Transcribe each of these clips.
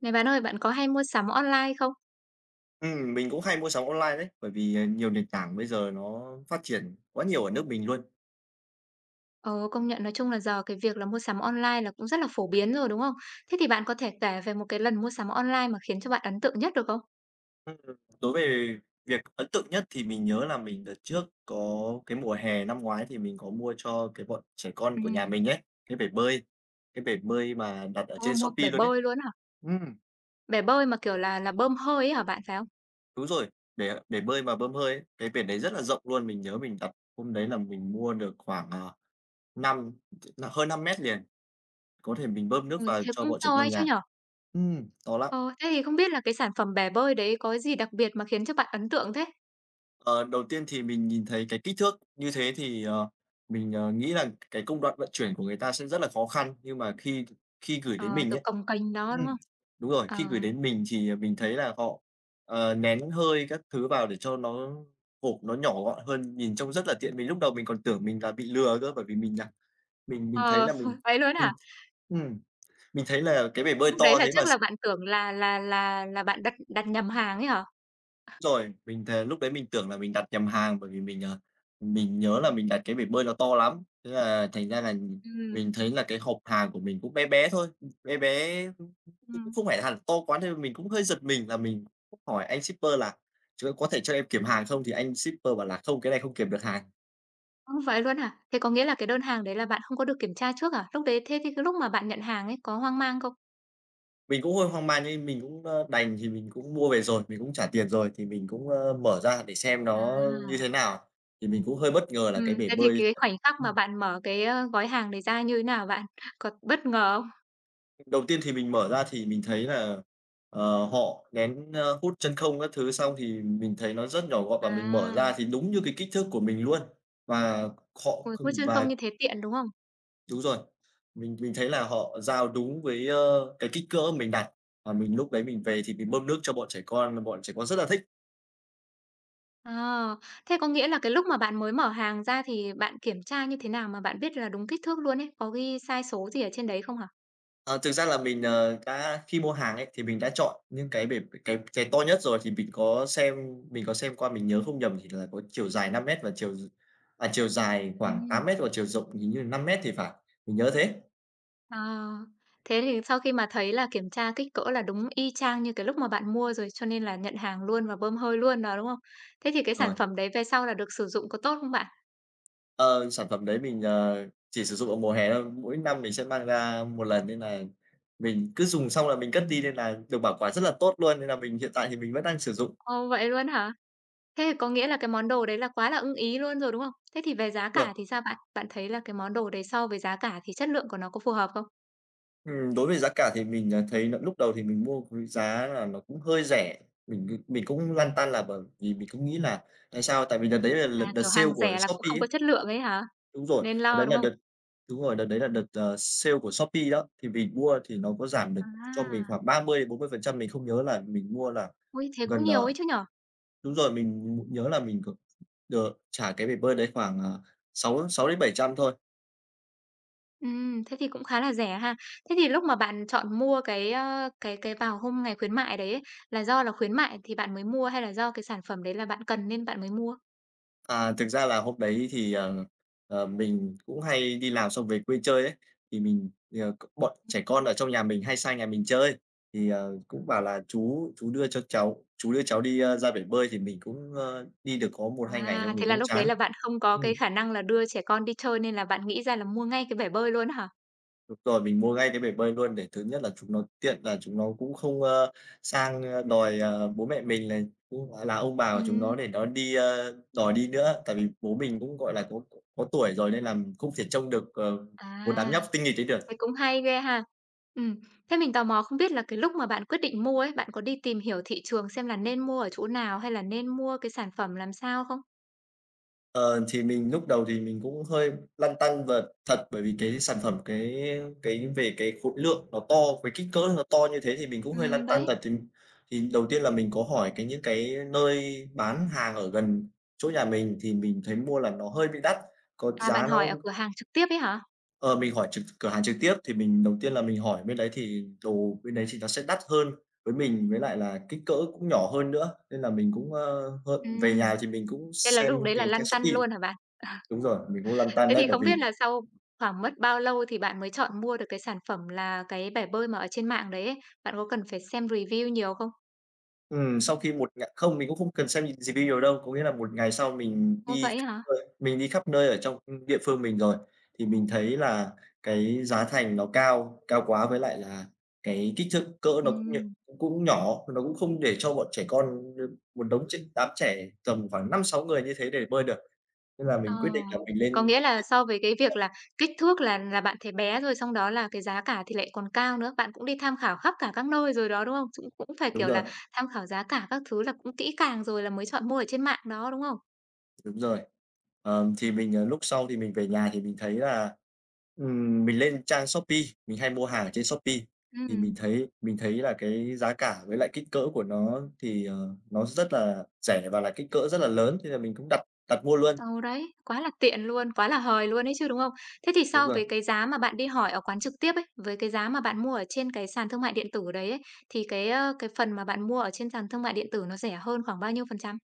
Này bạn ơi, bạn có hay mua sắm online không? Ừm, mình cũng hay mua sắm online đấy, bởi vì, ờ, nhiều nền tảng bây giờ nó phát triển quá nhiều ở nước mình luôn. Ờ, công nhận nói chung là giờ cái việc là mua sắm online là cũng rất là phổ biến rồi, đúng không? Thế thì bạn có thể kể về một cái lần mua sắm online mà khiến cho bạn ấn tượng nhất được không? Ừm, ừm. Đối về việc ấn tượng nhất thì mình nhớ là mình đợt trước có cái mùa hè năm ngoái thì mình có mua cho cái bọn trẻ con của nhà Ừm. mình ấy, cái bể bơi, cái bể bơi mà đặt ở Ô, trên mua Shopee bể luôn ấy. bơi luôn á hả? Ừm. Bể bơi mà kiểu là là bơm hơi ấy hả bạn, phải không? Đúng rồi, bể bể bơi mà bơm hơi ấy, cái bể đấy rất là rộng luôn. Mình nhớ mình đặt hôm đấy là mình mua được khoảng, à, năm hơn 5m liền. Có thể mình bơm nước Ôi, vào thế cho cũng bọn trẻ to ấy con chứ nhà. nhỉ? Ừm, to lắm. Ờ, thế thì không biết là cái sản phẩm bể bơi đấy có cái gì đặc biệt mà khiến cho bạn ấn tượng thế? Ờ, đầu tiên thì mình nhìn thấy cái kích thước như thế thì, ờ, mình, ờ, nghĩ rằng cái công đoạn vận chuyển của người ta sẽ rất là khó khăn. Nhưng mà khi khi gửi đến Ờ, mình kiểu, ấy, cồng kềnh đó, đúng không? ừm, đúng rồi, Ờ. khi gửi đến mình thì mình thấy là họ, ờ, nén hơi các thứ vào để cho nó hộp nó nhỏ gọn hơn, nhìn trông rất là tiện. Vì lúc đầu mình còn tưởng mình là bị lừa cơ, bởi vì là mình là mình mình thấy Ờ, là mình, vậy luôn á ừm, hả? ừm, mình thấy là cái bể bơi Lúc to đấy là thế chắc mà s là bạn tưởng là là là là bạn đặt đặt nhầm hàng ấy hả? Rồi, mình thề lúc đấy mình tưởng là mình đặt nhầm hàng, bởi vì mình, ờ, mình nhớ là mình đặt cái bể bơi nó to lắm. Thế là thành ra là, Ừm. mình thấy là cái hộp hàng của mình cũng bé bé thôi, bé bé cũng Ừm. không phải hẳn to quá nên mình cũng hơi giật mình, và mình cũng hỏi anh shipper là "Ch có thể cho em kiểm hàng không?" Thì anh shipper bảo là "Không, cái này không kiểm được hàng." Ơ, vậy luôn hả? Thế có nghĩa là cái đơn hàng đấy là bạn không có được kiểm tra trước à? Lúc đấy thế thì cái lúc mà bạn nhận hàng ấy có hoang mang không? Mình cũng hơi hoang mang như mình cũng, ơ, đành thì mình cũng mua về rồi, mình cũng trả tiền rồi thì mình cũng, ơ, mở ra để xem nó như À. thế nào. Thì mình cũng hơi bất ngờ là cái Ừm, bể thế thì bơi cái khoảnh khắc mà ừm. bạn mở cái, ơ, gói hàng này ra như nào bạn? Có bất ngờ không? Đầu tiên thì mình mở ra thì mình thấy là, ờ, họ nén, ơ hút chân không các thứ xong thì mình thấy nó rất nhỏ gọn và mình mở ra À. thì đúng như cái kích thước của mình luôn. Và họ Uầy, kh hút chân và không như thế tiện, đúng không? Đúng rồi. Mình mình thấy là họ giao đúng với, ơ, cái kích cỡ mình đặt và mình lúc đấy mình về thì mình bơm nước cho bọn trẻ con, và bọn trẻ con rất là thích. Ờ, thế có nghĩa là cái lúc mà bạn mới mở hàng ra thì bạn kiểm tra như thế nào mà bạn biết là đúng kích thước luôn ấy? Có ghi size số gì ở trên đấy không hả? Ờ, thực ra là mình, ờ, đã khi mua hàng ấy thì mình đã chọn những cái bể bể cái cái to nhất rồi. Thì mình có xem mình có xem qua, mình nhớ không nhầm thì là có chiều dài 5 mét và chiều d à, chiều dài khoảng 8 Ừm. mét và chiều rộng hình như là 5 mét thì phải, mình nhớ thế. Ờ, thế thì sau khi mà thấy là kiểm tra kích cỡ là đúng y chang như cái lúc mà bạn mua rồi, cho nên là nhận hàng luôn và bơm hơi luôn đó, đúng không? Thế thì cái sản Rồi. phẩm đấy về sau là được sử dụng có tốt không bạn? Ờ, sản phẩm đấy mình, ờ, chỉ sử dụng vào mùa hè thôi. Mỗi năm mình sẽ mang ra một lần nên này, mình cứ dùng xong là mình cất Ừm. đi, nên là được bảo quản rất là tốt luôn. Nên là mình hiện tại thì mình vẫn đang sử dụng. Ồ, vậy luôn hả? Thế thì có nghĩa là cái món đồ đấy là quá là ưng ý luôn rồi, đúng không? Thế thì về giá Rồi. cả thì sao bạn? Bạn thấy là cái món đồ đấy so với giá cả thì chất lượng của nó có phù hợp không? Ừm. Đối về giá cả thì mình, à, thấy nà lúc đầu thì mình mua [unintelligible] giá là nó cũng hơi rẻ, mình cứ mình cũng lăn tăn là bởi vì mình cũng nghĩ nà, tại sao? Tại vì đợt đấy là lợt À, đợt kiểu, sale hàng của rẻ là cũng Shopee không có ấy. chất lượng ấy hả? Đúng rồi, Nên đợt lo đấy đúng là không? đợt đúng rồi, đợt đấy là đợt, ờ, sale của Shopee đó. Thì mình mua thì nó có giảm được cho mình À. khoảng 30, 40% mình không nhớ là mình mua là Ôi, thế cũng gần, nhiều ờ ấy chứ nhỉ? đúng rồi, mình nhớ là mình có ờ, trả cái bể bơi đấy khoảng, à, 6, á, 6 đến 700.000 thôi. Ừm, thế thì cũng khá là rẻ ha. Thế thì lúc mà bạn chọn mua cái, ơ, cái cái vào hôm ngày khuyến mại đấy ấy, là do là khuyến mại thì bạn mới mua hay là do cái sản phẩm đấy là bạn cần nên bạn mới mua? À, thực ra là hôm đấy thì, ờ, ờ, mình cũng hay đi làm xong về quê chơi ấy. Thì mình, ờ, c bọn trẻ Ừm. con ở trong nhà mình hay sang nhà mình chơi thì, ờ, cũng bảo là "Chú chú đưa cho cháu chú đưa cháu đi, a, ra bể bơi." Thì mình cũng, ơ, đi được có 1-2 ngày xong À, mình thế là cũng lúc đấy chán. là bạn không có cái Ừm. khả năng là đưa trẻ con đi chơi nên là bạn nghĩ ra là mua ngay cái bể bơi luôn á hả? Đúng rồi, mình mua ngay cái bể bơi luôn, để thứ nhất là chúng nó tiện là chúng nó cũng không, ơ, sang, ờ, đòi, ờ, bố mẹ mình này, cũng là ông bà của chúng nó, Ừm. để nó đi ơ, đòi đi nữa. Tại vì bố mình cũng, gọi là, có có tuổi rồi nên là không thể trông được, ờ, một đám nhóc À. tinh nghịch ấy Vậy được. cũng hay ghê ha! Ừm, thế mình tò mò không biết là cái lúc mà bạn quyết định mua ấy, bạn có đi tìm hiểu thị trường xem là nên mua ở chỗ nào, hay là nên mua cái sản phẩm làm sao không? Ờ, thì mình lúc đầu thì mình cũng hơi lăn tăn vật thật, bởi vì cái sản phẩm cái cái về cái khối lượng nó to, với kích cỡ nó to như thế thì mình cũng hơi lăn Ừm, tăn đấy. thật. Thì thì đầu tiên là mình có hỏi cái những cái nơi bán hàng ở gần chỗ nhà mình thì mình thấy mua là nó hơi bị đắt, có À, giá bạn nó hỏi ở cửa hàng trực tiếp ấy hả? Ờ, mình hỏi trực cửa hàng trực tiếp thì mình đầu tiên là mình hỏi bên đấy thì đồ bên đấy thì nó sẽ đắt hơn với mình, với lại là kích cỡ cũng nhỏ hơn nữa. Nên là mình cũng, ơ, hơn về Ừm. nhà thì mình cũng Thế là xem lúc đấy là cái trang lăn tăn Shopee luôn hả bạn? Ờ. đúng rồi, mình cũng lăn tăn Thế đấy, thì bởi không vì biết là sau khoảng mất bao lâu thì bạn mới chọn mua được cái sản phẩm là cái bể bơi mà ở trên mạng đấy ấy, bạn có cần phải xem review nhiều không? Ừm, sau khi một ngà không mình cũng không cần xem re review đâu, có nghĩa là một ngày sau mình Ô, đi vậy á hả? [unintelligible] nơi mình đi khắp nơi ở trong địa phương mình rồi thì mình thấy là cái giá thành nó cao, cao quá với lại là cái kích thước, cỡ nó cũng nh Ừm. cũng cũng nhỏ, nó cũng không để cho bọn trẻ con đ một đống tr đám trẻ tầm khoảng 5-6 người như thế để bơi được. Nên là Ờ, mình quyết định là mình lên có trên nghĩa là so với cái việc [unintelligible] là kích thước là là bạn thấy bé rồi xong đó là cái giá cả thì lại còn cao nữa. Bạn cũng đi tham khảo khắp cả các nơi rồi đó, đúng không? Dũng cũng phải, Đúng kiểu rồi. là, tham khảo giá cả các thứ là cũng kỹ càng rồi là mới chọn mua ở trên mạng đó, đúng không? Đúng rồi. Ờm, thì mình, ờ, lúc sau thì mình về nhà thì mình thấy là ừm, mình lên trang Shopee, mình hay mua hàng ở trên Shopee, thì mình Ừm. thấy mình thấy là cái giá cả với lại kích cỡ của nó thì, ờ, nó rất là rẻ và là kích cỡ rất là lớn thế là mình cũng đặt đặt mua luôn. Ờ, đấy, quá là tiện luôn, quá là hời luôn ấy chứ, đúng không? Thế thì Đúng so rồi. với cái giá mà bạn đi hỏi ở quán trực tiếp ấy, với cái giá mà bạn mua ở trên cái sàn thương mại điện tử đấy ấy, thì cái, ơ, cái phần mà bạn mua ở trên sàn thương mại điện tử nó rẻ hơn khoảng bao nhiêu phần trăm?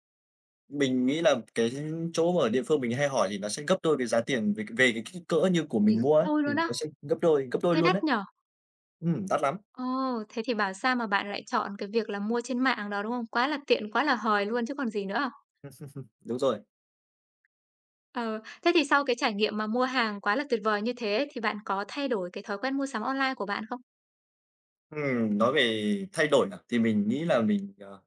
Mình nghĩ là cái chỗ mà ở địa phương mình hay hỏi thì nó sẽ gấp đôi cái giá tiền về về cái kích cỡ như của mình Nhiều, mua ấy, đôi thì luôn á. nó sẽ gấp đôi gấp đôi Thế luôn đắt ấy. nhỉ? Ừm, đắt lắm. Ồ, thế thì bảo sao mà bạn lại chọn cái việc là mua trên mạng đó, đúng không? Quá là tiện, quá là hời luôn chứ còn gì nữa? Đúng rồi. Ờ, thế thì sau cái trải nghiệm mà mua hàng quá là tuyệt vời như thế, thì bạn có thay đổi cái thói quen mua sắm online của bạn không? Ừm, nói về thay đổi là, thì, mình nghĩ là mình, ờ,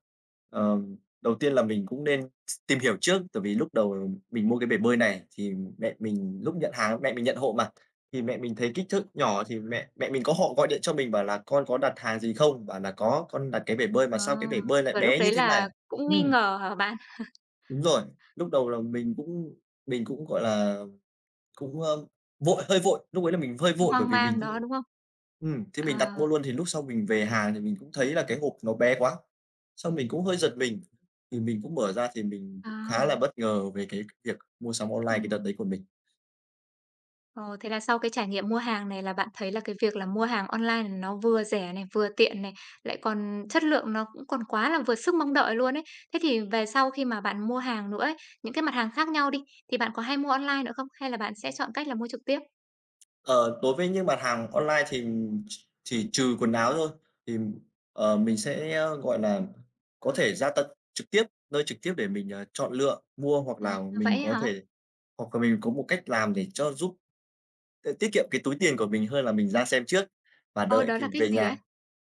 ờ, đầu tiên là mình cũng nên s tìm hiểu trước. Tại vì lúc đầu mình mua cái bể bơi này thì, mẹ mình lúc nhận hàng, mẹ mình nhận hộ mà, thì mẹ mình thấy kích thước nhỏ Ờ. thì mẹ mẹ mình có hộ gọi điện cho mình bảo là: "Con có đặt hàng gì không?" Bảo là: "Có." "Con đặt cái bể bơi mà Ờ. sao cái bể bơi lại Kiểu lúc bé như đấy thế này?" là cũng nghi Ừm. ngờ hả bạn? Đúng rồi. Lúc đầu là mình cũng mình cũng, gọi là, cũng, a, vội, hơi vội. Lúc ấy là mình hơi Cũng vội, bởi hoang vì mình mang đó, cũng đúng không? ừm, thế mình đặt mua À. luôn. Thì lúc sau mình về hàng thì mình cũng thấy là cái hộp nó bé quá, xong mình cũng hơi giật mình. Thì mình cũng mở ra thì mình cũng khá là À. bất ngờ về cái việc mua sắm online cái đợt đấy Ừm. của mình. Ồ, thế là sau cái trải nghiệm mua hàng này là bạn thấy là cái việc là mua hàng online nó vừa rẻ này, vừa tiện này, lại còn chất lượng nó cũng còn quá là vừa sức mong đợi luôn ấy. Thế thì về sau khi mà bạn mua hàng nữa ấy, những cái mặt hàng khác nhau đi, thì bạn có hay mua online nữa không? Hay là bạn sẽ chọn cách là mua trực tiếp? Ờ, đối với những mặt hàng online thì ch chỉ trừ quần áo thôi thì, ờ, mình sẽ, ơ, gọi là, có thể ra tận trực tiếp, nơi trực tiếp để mình, à, chọn lựa, mua hoặc À, là mình vậy á có hả? thể hoặc là mình có một cách làm để cho giúp, ơ, tiết kiệm cái túi tiền của mình hơn là mình ra xem trước và Ôi, đợi đó kịp là cái về gì ấy? nhà.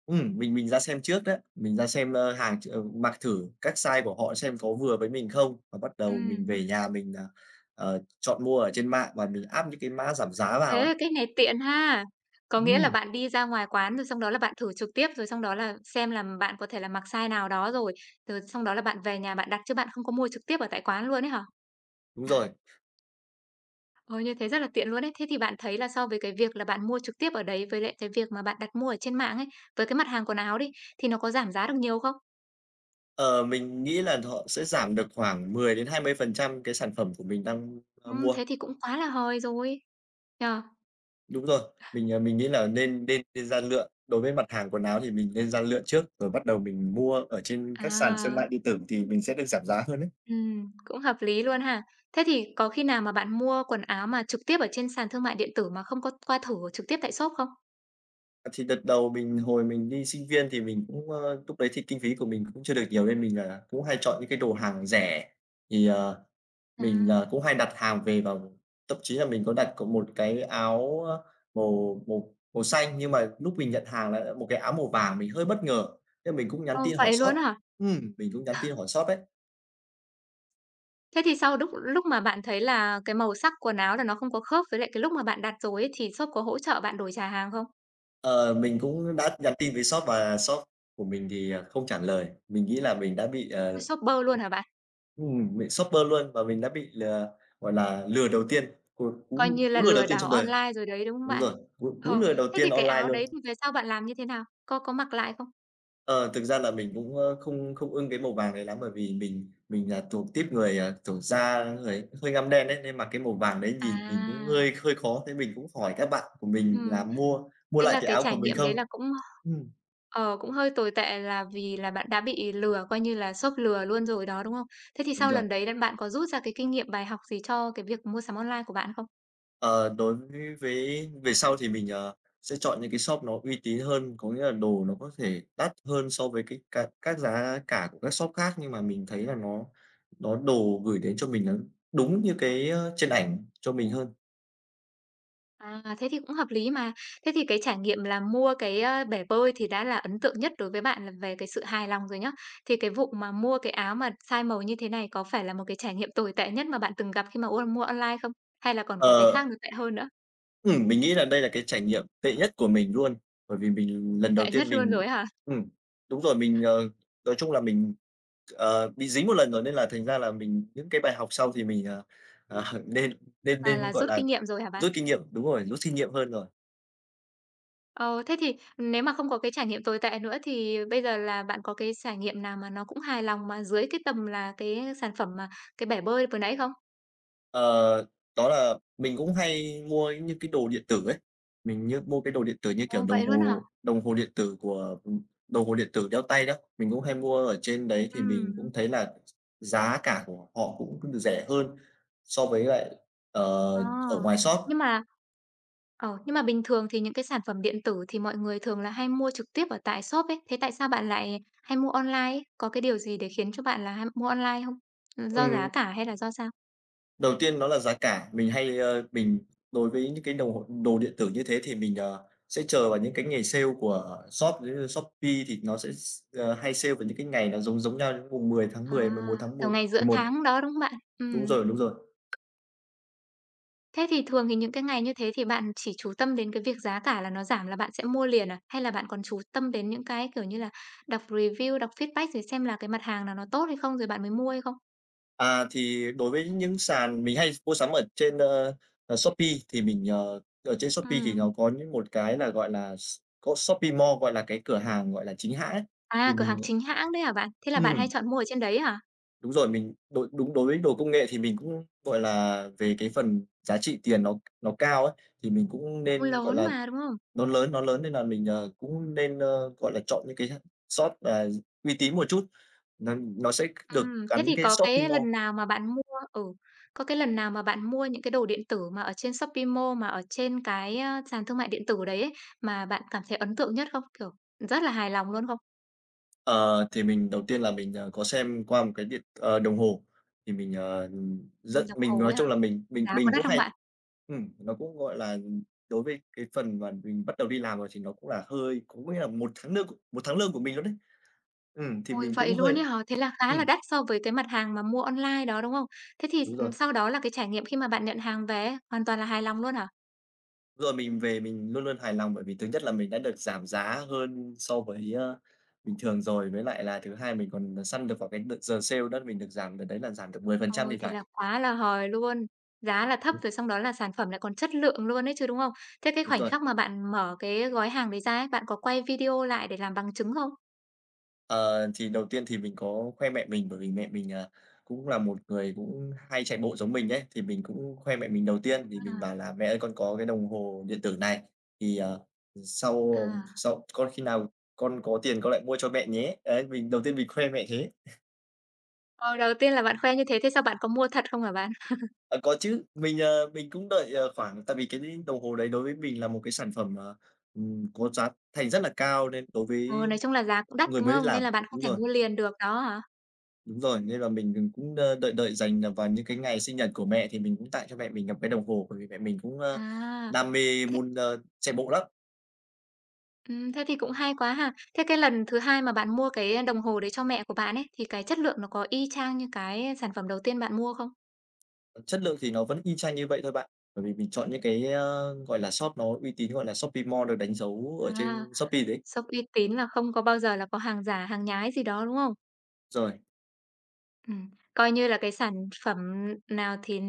Ừm, mình mình ra xem trước đó, mình ra xem, ơ, hàng ch ờ, mặc thử các size của họ xem có vừa với mình không và bắt đầu mình Ừm. về nhà mình nà, ờ, chọn mua ở trên mạng và [unintelligible] áp những cái mã giảm giá vào ấy. Thế, cách này tiện ha. Có nghĩa là Ừm. bạn đi ra ngoài quán rồi xong đó là bạn thử trực tiếp, rồi xong đó là xem là bạn có thể là mặc size nào đó rồi. T xong đó là bạn về nhà bạn đặt chứ bạn không có mua trực tiếp ở tại quán luôn ấy hả? Đúng rồi. Ôi, như thế rất là tiện luôn ấy. Thế thì bạn thấy là so với cái việc là bạn mua trực tiếp ở đấy với lại cái việc mà bạn đặt mua ở trên mạng ấy, với cái mặt hàng quần áo đi, thì nó có giảm giá được nhiều không? Ờ, mình nghĩ là họ sẽ giảm được khoảng 10-20% cái sản phẩm của mình đang, ơ, Ừm, mua. thế thì cũng quá là hời rồi, nhỉ? Đúng rồi. Mình, ờ, mình nghĩ là nên nên nên ra lựa, đối với mặt hàng quần áo thì mình nên ra lựa trước, rồi bắt đầu mình mua ở trên các sàn xương mại À. điện tử thì mình sẽ được giảm giá hơn ấy. Ừm, cũng hợp lý luôn ha. Thế thì có khi nào mà bạn mua quần áo mà trực tiếp ở trên sàn thương mại điện tử mà không có qua thử trực tiếp tại shop không? Ờ, thì đợt đầu mình hồi mình đi sinh viên thì mình cũng, ơ lúc đấy thì kinh phí của mình cũng chưa được nhiều nên mình, ờ, cũng hay chọn những cái đồ hàng rẻ. Thì, ờ, mình, ờ, À. cũng hay đặt hàng về vào thậm chí là mình có đặt có một cái áo á màu màu màu xanh, nhưng mà lúc mình nhận hàng lại là một cái áo màu vàng, mình hơi bất ngờ. Thế là mình cũng nhắn Ơ, tin hỏi vậy shop luôn á hả? ừm, mình cũng nhắn tin hỏi shop ấy. Thế thì sau đúc lúc mà bạn thấy là cái màu sắc quần áo là nó không có khớp với lại cái lúc mà bạn đặt rồi ấy, thì shop có hỗ trợ bạn đổi trả hàng không? Ờ, mình cũng đã nhắn tin với shop và shop của mình thì, ờ, không trả lời, mình nghĩ là mình đã bị Ôi, ờ shop bơ luôn hả bạn? ừm, bị shop bơ luôn và mình đã bị lừa, gọi là lừa đầu tiên, một Coi cú như cú là lừa đầu lừa tiên đảo trong đời. online rồi đấy, đúng không Đúng bạn? rồi, cú cú Ờ. lừa đầu Thế tiên thì cái online áo luôn. đấy thì về sau bạn làm như thế nào? Có có mặc lại không? Ờ, thực ra là mình cũng, ờ, không không ưng cái màu vàng đấy lắm. Bởi vì mình mình là thuộc típ người, ờ, kiểu da, ơ, người cũng hơi ngăm đen ấy, nên mặc cái màu vàng đấy nhìn nhìn cũng À. hơi hơi khó. Thế mình cũng hỏi các bạn của mình là Ừm, mua mua thế lại là cái cái áo của trải mình nghiệm đấy không? là cũng, Ừm. ờ, cũng hơi tồi tệ là vì là bạn đã bị lừa, coi như là shop lừa luôn rồi đó, đúng không? Thế thì Đúng sau rồi. lần đấy là bạn có rút ra cái kinh nghiệm, bài học gì cho cái việc mua sắm online của bạn không? Ờ, đối với vế về sau thì mình, ờ, sẽ chọn những cái shop nó uy tín hơn, có nghĩa là đồ nó có thể đắt hơn so với cái cá các giá cả của các shop khác nhưng mà mình thấy là nó nó đồ gửi đến cho mình nó đúng như cái trên ảnh cho mình hơn. À, thế thì cũng hợp lý mà. Thế thì cái trải nghiệm là mua cái, a, bể bơi thì đã là ấn tượng nhất đối với bạn là về cái sự hài lòng rồi nhá. Thì cái vụ mà mua cái áo mà sai màu như thế này có phải là một cái trải nghiệm tồi tệ nhất mà bạn từng gặp khi mà ua mua online không? Hay là còn có cái khác Ờ. nó tệ hơn nữa? Ừm, mình nghĩ là đây là cái trải nghiệm tệ nhất của mình luôn. Bởi vì mình lần đầu Tệ tiên nhất luôn mình rồi á hả? ừm, đúng rồi, mình, ờ nói chung là mình, ờ, bị dính 1 lần rồi nên là thành ra là mình những cái bài học sau thì mình, à, à, nên nên À, nên, là gọi rút là, kinh nghiệm rồi hả bạn? rút kinh nghiệm đúng rồi, rút kinh nghiệm hơn rồi. Ờ, thế thì nếu mà không có cái trải nghiệm tồi tệ nữa thì bây giờ là bạn có cái trải nghiệm nào mà nó cũng hài lòng, mà dưới cái tầm là cái sản phẩm mà cái bể bơi vừa nãy không? Ờ, đó là mình cũng hay mua những cái đồ điện tử ấy, mình như mua cái đồ điện tử như kiểu Ồ, đồng vậy luôn hả? hồ, đồng hồ điện tử của, ừm đồng hồ điện tử đeo tay đó, mình cũng hay mua ở trên đấy, thì mình cũng Ừm. thấy là giá cả của họ cũng rẻ hơn so với lại, ờ, Ờ, ở ngoài shop. nhưng mà ờ, nhưng mà bình thường thì những cái sản phẩm điện tử thì mọi người thường là hay mua trực tiếp ở tại shop ấy, thế tại sao bạn lại hay mua online? Có cái điều gì để khiến cho bạn là ham mua online hông? Ừm, do giá Ừm. cả hay là do sao? Đầu tiên nó là giá cả. Mình hay, ơ, mình đối với những cái đầu hồ đồ điện tử như thế thì mình, ờ, sẽ chờ vào những cái ngày sale của shop với, ơ, Shopee thì nó sẽ s ờ, hay sale vào những cái ngày nó giống giống nhau, những mùng mười tháng À, Mười, 11 tháng kiểu, Một ngày giữa Mười Một. tháng đó, đúng không bạn? Đúng Ừm. rồi, đúng rồi. Thế thì thường thì những cái ngày như thế thì bạn chỉ chú tâm đến cái việc giá cả là nó giảm là bạn sẽ mua liền à? Hay là bạn còn chú tâm đến những cái, kiểu như là, đọc review, đọc feedback rồi xem là cái mặt hàng nào nó tốt hay không rồi bạn mới mua hay không? À, thì đối với những sàn mình hay mua sắm ở trên, ơ, ờ, Shopee thì mình, ờ ở trên Shopee thì Ừm. nó có những một cái là, gọi là, s có Shopee Mall, gọi là cái cửa hàng, gọi là, chính hãng ấy. Thì À, cửa hàng mình, ờ chính hãng đấy hả bạn? Thế là bạn hay Ừm. chọn mua ở trên đấy hả? Đúng rồi, mình đối đúng đối đồ công nghệ thì mình cũng, gọi là, về cái phần giá trị tiền nó nó cao ấy. Thì mình cũng Ui, nên, gọi lớn là mà, đúng không? nó lớn nó lớn nên là mình, ờ, cũng nên, ơ, gọi là, chọn những cái ha shop, à, gi uy tín một chút. N nó sẽ được Ừm, thế thì gắn cái có Shopping cái Mall. lần nào mà bạn mua ừ, có cái lần nào mà bạn mua những cái đồ điện tử mà ở trên Shopee Mall mà ở trên cái, a, sàn thương mại điện tử đấy ấy, mà bạn cảm thấy ấn tượng nhất không? Kiểu, ừm, rất là hài lòng luôn không? Ờ, thì mình đầu tiên là mình, ờ, có xem qua một cái điện ờ, đồng hồ thì mình, ờ, Ừm, rất đồng mình hồ nói ấy hả? chung là mình mình Giá có mình đắt cũng không hay bạn? ừm, nó cũng gọi là, ừm, đối với cái phần mà mình bắt đầu đi làm rồi thì nó cũng là hơi cũng có nghĩa là 1 tháng nương c 1 tháng lương của mình luôn đấy. Ừm, thì Ôi, mình vậy cũng hơi luôn ấy hả? Thế là khá là ừm. đắt so với cái mặt hàng mà mua online đó, đúng không? Thế thì Đúng s rồi. ừm, sau đó là cái trải nghiệm khi mà bạn nhận hàng về ấy hoàn toàn là hài lòng luôn hả? Rồi mình về mình luôn luôn hài lòng bởi vì thứ nhất là mình đã được giảm giá hơn so với, a, bình thường rồi, với lại là thứ hai mình còn săn được vào cái đợt giờ sale đó là mình được giảm đợt đấy là giảm được 10% thì Ôi, thế là phải. quá là hời luôn! Giá là thấp Ừm. rồi xong đó là sản phẩm lại còn chất lượng luôn ấy chứ, đúng không? Thế cái Đúng khoảnh rồi. khắc mà bạn mở cái gói hàng đấy ra ấy, bạn có quay video lại để làm bằng chứng không? Ờ, thì đầu tiên thì mình có khoe mẹ mình bởi vì mẹ mình, à, cũng là một người cũng hay chạy bộ giống mình ấy, thì mình cũng khoe mẹ mình đầu tiên thì mình bảo À. là "Mẹ ơi, con có cái đồng hồ điện tử này thì, ờ, ừ, sau, ờm, À. sau con khi nào con có tiền con lại mua cho mẹ nhé." Đấy, mình đầu tiên mình khoe mẹ thế. Ờ, đầu tiên là bạn khoe như thế, thế sau bạn có mua thật không hả bạn? À, có chứ, mình, ờ, mình cũng đợi, ờ, khoảng tại vì cái [unintelligible] đồng hồ đấy đối với mình là một cái sản phẩm, ờ, ừm, có giá thành rất là cao nên đối với, Ừ, ơ, nói chung là giá cũng đắt, người đúng mới đi không? làm Nên là bạn không đúng thể rồi. mua liền được đó hả? Đúng rồi, nên là mình, ờ, cũng, ơ, đợi đợi dành, ờ, vào những cái ngày sinh nhật của mẹ thì mình cũng tặng cho mẹ mình gặp cái đồng hồ, bởi vì mẹ mình cũng, ơ, À, đam mê thế muôn, ơ, chạy bộ lắm. Ừm, thế thì cũng hay quá ha. Thế cái lần thứ 2 mà bạn mua cái đồng hồ đấy cho mẹ của bạn ấy, thì cái chất lượng nó có y chang như cái sản phẩm đầu tiên bạn mua không? Ờ, chất lượng thì nó vẫn y chang như vậy thôi bạn, bởi vì mình chọn những cái, ơ, gọi là, shop nó uy tín, gọi là, Shopee Mall được đánh dấu ở À, trên Shopee đấy. shop uy tín là không có bao giờ là có hàng giả, hàng nhái gì đó, đúng không? Rồi. Ừm, coi như là cái sản phẩm n nào thì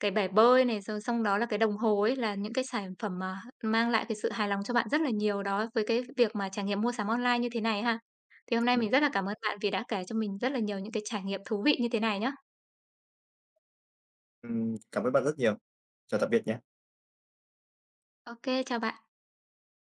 cái bể bơi này, rồi xong đó là cái đồng hồ ấy là những cái sản phẩm mà h mang lại cái sự hài lòng cho bạn rất là nhiều đó, với cái việc mà trải nghiệm mua sắm online như thế này ha. Thì hôm nay Ừm. mình rất là cảm ơn bạn vì đã kể cho mình rất là nhiều những cái trải nghiệm thú vị như thế này nhá. Ừm, cảm ơn bạn rất nhiều. Chào tạm biệt nhé. Ô kê, chào bạn.